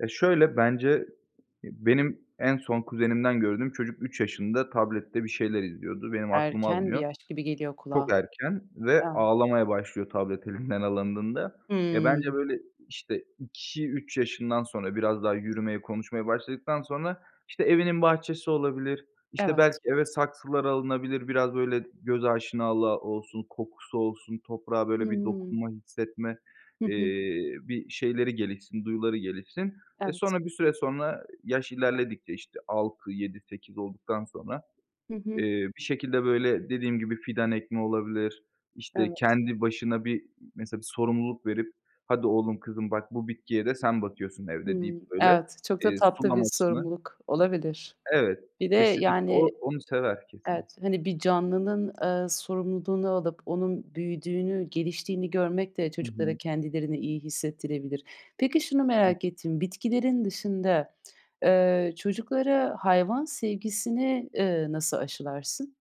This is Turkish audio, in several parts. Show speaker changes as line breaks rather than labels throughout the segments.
E, şöyle, bence benim en son kuzenimden gördüğüm çocuk 3 yaşında tablette bir şeyler izliyordu, benim aklım
Erken bir
almıyor.
yaş gibi geliyor
Çok
kulağa.
erken ve
A!
ağlamaya başlıyor tablet elinden alındığında. Ya, bence,
Hımm.
böyle, işte, 2-3 yaşından sonra biraz daha yürümeye, konuşmaya başladıktan sonra, işte, evinin bahçesi olabilir, işte, belki
Evet.
eve saksılar alınabilir, biraz böyle g göz aşinalığı olsun, kokusu olsun, toprağa,
Hı
böyle, bir
hı.
dokunma, hissetme,
Hı hı.
eee, bir şeyleri gelişsin, duyuları gelişsin. E,
Evet.
sonra bir süre sonra, yaş ilerledikçe işte 6, 7, 8 olduktan sonra,
Hı
eee,
hı.
bir şekilde böyle dediğim gibi fidan ekmek olabilir, işte
Evet.
kendi başına bir mesela bir sorumluluk verip: "Hadi oğlum kızım, bak bu bitkiye de sen bakıyorsun evde." deyip
Hımm,
böyle,
evet, çok da
eee,
tatlı bir
sulamasını
sorumluluk olabilir.
Evet,
Bir de
kesinlikle o
yani,
onu sever kesin.
evet, hani, bir canlının, eee, sorumluluğunu alıp onun büyüdüğünü, geliştiğini görmek de
Hı hı.
çocuklara kendilerini iyi hissettirebilir. Peki, şunu merak ettim, bitkilerin dışında, eee, çocuklara hayvan sevgisini, eee, nasıl aşılarsın?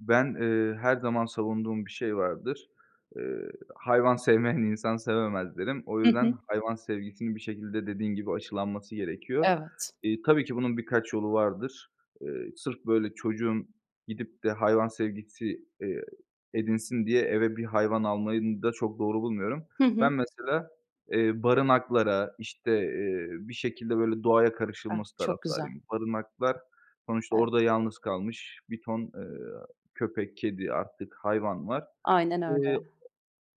Ben, eee, her zaman savunduğum bir şey vardır. Iıı, hayvan sevmeyen, insan sevemez derim. O
Hı hı.
yüzden, hayvan sevgisinin bir şekilde, dediğin gibi, aşılanması gerekiyor.
Evet.
İii, tabii ki bunun birkaç yolu vardır. Eee, sırf böyle çocuğun gidip de hayvan sevgisi, eee, edinsin diye eve bir hayvan almayı n da çok doğru bulmuyorum.
Hı
Ben
hı.
mesela, eee, barınaklara, işte, eee, bir şekilde böyle doğaya
Ah,
karışılması
çok güzel.
taraftarıyım. Barınaklar sonuçta orada
Evet.
yalnız kalmış bir ton, eee, köpek, kedi, artık hayvan var.
Aynen öyle.
Eee,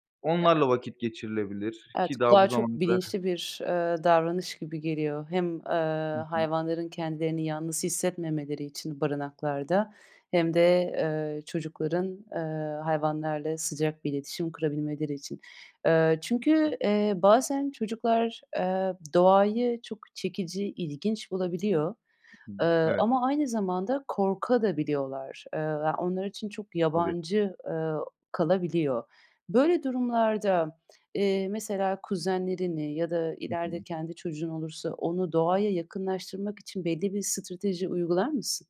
o
E
onlarla vakit geçirilebilir
Evet,
ki daha
kulağa
bu
çok
zamana kadar
bilinçli bir, eee, davranış gibi geliyor. Hem, eee,
Hı hı.
hayvanların kendilerini yalnız hissetmemeleri için barınaklarda hem de, eee, çocukların, eee, hayvanlarla sıcak bir iletişim kurabilmeleri için. Eee,
Hı hı.
çünkü, eee, bazen çocuklar, eee, doğayı çok çekici, ilginç bulabiliyor,
Hı hı.
eee,
Evet.
ama aynı zamanda korkabiliyorlar da. Eee, ya onlar için çok
Tabii.
yabancı, eee, kalabiliyor. Böyle durumlarda, eee, mesela kuzenlerini ya da
Hı
ileride
hı.
kendi çocuğun olursa onu doğaya yakınlaştırmak için belli bir strateji uygular mısın?